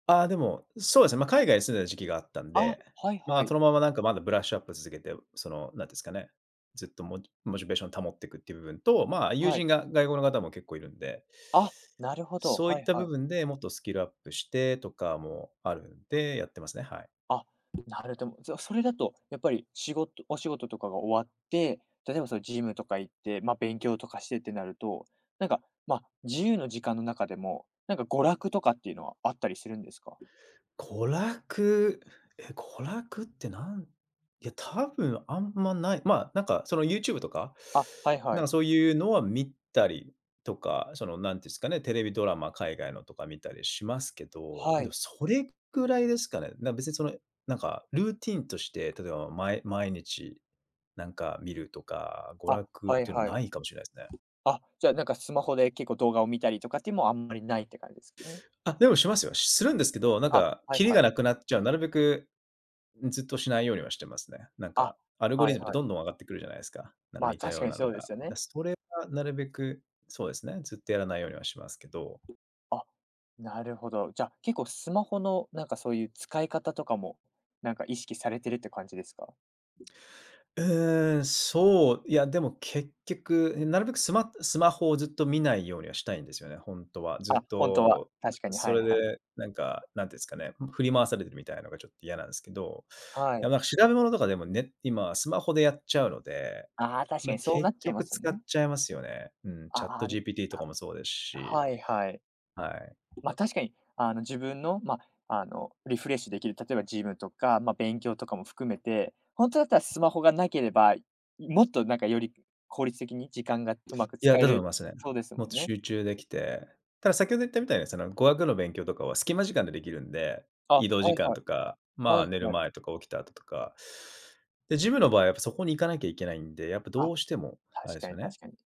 ああ、でも、そうですね、ま、海外に住んでた時期があったんあ、で、はいはま、そい。のままなんかまだブラッシュアップ続けて、その、何ていうんすかね、ずっとモチモチベーションを保っていくっていう部分と、ま、友はい。人が外国の方も結構いるんで。あ、なるほど、そうはいっいた部はい。分で、もっとスキルアップしてとかもあるんで、やってますね、はい。あ、なるども、じゃ、それだと、やっぱり仕事お仕事とかが終わって、例えばそのジムとか行って、ま、勉強とかしてってなると、何か、ま、自由の時間の中でも、何か娯楽とかっていうのはあったりするんですか？娯楽、え、娯楽ってなんいや、多分あんまない。ま、何かその YouTube とか、あ、はいはなんい。かそういうのは見たりとか、その、何ていうんすかね、テレビドラマ、海外のとか見たりしますけど、はでもい。それ位ですかね。なん別にその、何かルーティーンとして、例えばまい毎日なんか見るとか、娯あ、楽っはいていうのははい。ないかもしれないすね。あ、じゃあ、なんかスマホで結構動画を見たりとかっていうもあんまりないって感じすね。あ、でもしますよ。するんですけど、何あ、かはいキリはがい。なくなっちゃう、なるべく、うん、ずっとしないようにはしてますね。何あ、かアルゴはリいズムってはい。どんどん上がってくるじゃないですか、なんかま、似た確よかうになそのうでが。すよね。だ、それはなるべく、そうですね、ずっとやらないようにはしますけど。あ、なるほど。じゃ、結構スマホの何かそういう使い方とかも、何か意識されてるって感じですか？うーん、そう、いやでも結局、いなるべくスマスマホをずっと見ないようにはしたいんですよね、ほんとは、ずあ、っ本当は、と、う確かに、そはいれはい。でなんか、なんて言うんすかね、ふん、振り回されてるみたいなのがちょっと嫌なんすけど、はいや、い。ま、調べ物とかでもね、今はスマホでやっちゃうので、ああ、確かまあ、にそうな結っちゃいま局すよ使っね。ちゃいますよね、うん、あ、ああ、ん、ChatGPT とかはもそうですし。はいはい。はい。ま、確かに、あの、自分の、ま、あの、リフレッシュできる、例えばジムとか、ま、勉強とかも含めて、本当だったらスマホがなければ、もっとなんかより効率的に時間が上手くいや、使えだと思るいますね。そうですもっもとんね。集中できて、ただ先ほど言ったみたいに、その語学の勉強とかはスキマ時間でできるんで、あ、は移動時い間はとい。か、まはあ、い、寝るはい。前とか起きた後とか。でジムの場合はやっぱそこに行かなきゃいけないんで、やっぱどあ、うしても、あ確れすかよに、ね。確かに。